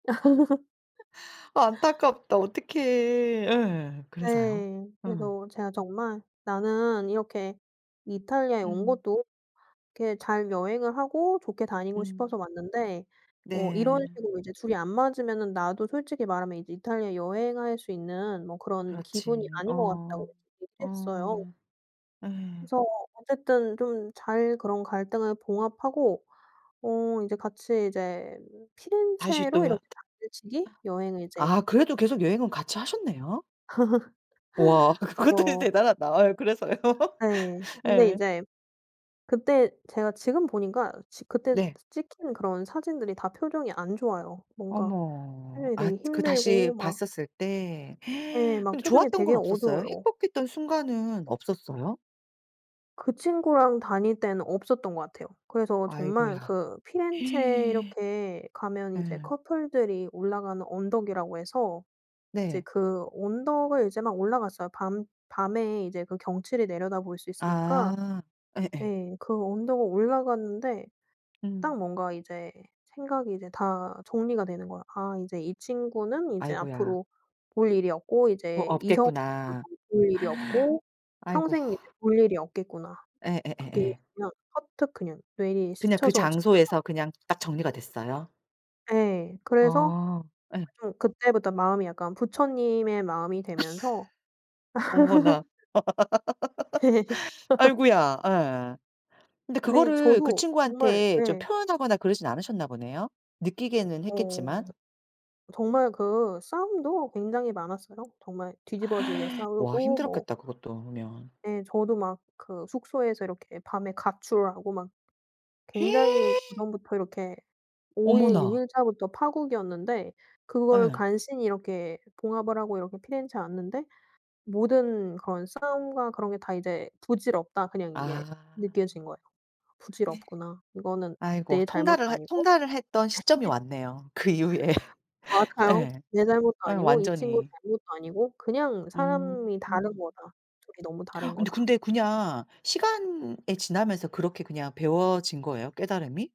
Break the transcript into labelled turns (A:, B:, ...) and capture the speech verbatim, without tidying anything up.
A: 아 안타깝다. 어떡해. 예. 그래서요?
B: 네.
A: 어.
B: 그래서 제가 정말 "나는 이렇게 이탈리아에 온
A: 음.
B: 것도 이렇게 잘 여행을 하고 좋게 다니고
A: 음.
B: 싶어서 왔는데 어 이런
A: 네.
B: 식으로 이제 둘이 안 맞으면은 나도 솔직히 말하면 이제 이탈리아 여행할 수 있는 뭐 그런 기분이
A: 그렇지.
B: 아닌 것 같다."고
A: 어.
B: 얘기를 했어요.
A: 어. 예.
B: 그래서 어쨌든 좀 잘 그런 갈등을 봉합하고 어 이제 같이 이제
A: 다시
B: 피렌체로
A: 또 여
B: 이렇게 당일치기 여행을 이제
A: 아 그래도 계속 여행은 같이 하셨네요. 와 그것도
B: 그쵸.
A: 대단하다. 아 그래서요?
B: 네. 근데
A: 예.
B: 이제 그때 제가 지금 보니까 지 그때
A: 네.
B: 찍힌 그런 사진들이 다 표정이 안 좋아요. 뭔가
A: 어머.
B: 표정이 되게
A: 앗 그 다시
B: 힘들고 막
A: 봤었을 때.
B: 예 막
A: 근데
B: 표정이
A: 좋았던 건
B: 되게
A: 없었어요?
B: 어두워요.
A: 행복했던 순간은 없었어요?
B: 그 친구랑 다닐 때는 없었던 것 같아요. 그래서 정말
A: 아이고야.
B: 그 피렌체에 이렇게 가면 이제
A: 예.
B: 커플들이 올라가는 언덕이라고 해서 이제
A: 네.
B: 그 언덕을 이제 막 올라갔어요. 밤 밤에 이제 그 경치를 내려다볼 수 있으니까
A: 아. 예예.
B: 네. 그 언덕을 올라갔는데
A: 음.
B: 딱 뭔가 이제 생각이 이제 다 정리가 되는 거야. '아 이제 이 친구는 이제
A: 아이고야.
B: 앞으로 볼 일이 없고
A: 뭐
B: 이제 이성으로도
A: 없겠구나.
B: 볼 일이 없고
A: 아이고.
B: 평생 이제 볼 일이 없겠구나.' 그게
A: 예예예예.
B: 그냥 퍼뜩 그냥 뇌리에
A: 그냥 그
B: 스쳐서 지나갔고
A: 장소에서 그냥 딱 정리가 됐어요?
B: 예. 그래서 아
A: 아. 예.
B: 좀 그때부터 마음이 약간 부처님의 마음이 되면서
A: 어머나. 아이고야. 예. 근데
B: 아니
A: 그거를 그
B: 저도 정말
A: 친구한테 좀
B: 네.
A: 펴현 하거나 그러진 않으셨나 보네요. 느끼기에는
B: 어.
A: 했겠지만.
B: 정말 그 싸움도 굉장히 많았어요. 정말 뒤집어지게
A: 와
B: 싸우고 뭐
A: 힘들었겠다 그것도 그러면.
B: 예 저도 막 그 숙소에서 이렇게 밤에 가출하고 막 굉장히 그전부터 이렇게 오 일 육
A: 어머나.
B: 일자부터 파국이었는데 그걸
A: 예.
B: 간신히 이렇게 봉합을 하고 이렇게 피렌체에 왔는데 모든 그런 싸움과 그런 게 다 이제 부질없다 그냥 이게
A: 아.
B: 느껴진 거예요. 부질없구나. 이거는
A: 아이고
B: 내 잘못도
A: 통달을 했
B: 아니고
A: 통달을 했던 시점이 왔네요, 그 이후에.
B: 맞아요.
A: 예.
B: 내 잘못도
A: 예
B: 아니고 이 친구
A: 완전히.
B: 잘못도 아니고 그냥 사람이 다른
A: 음.
B: 거다. 둘이 너무
A: 어
B: 다른 거다.
A: 근데 그냥 시간이 지나면서 그렇게 그냥 배워진 거예요, 깨달음이?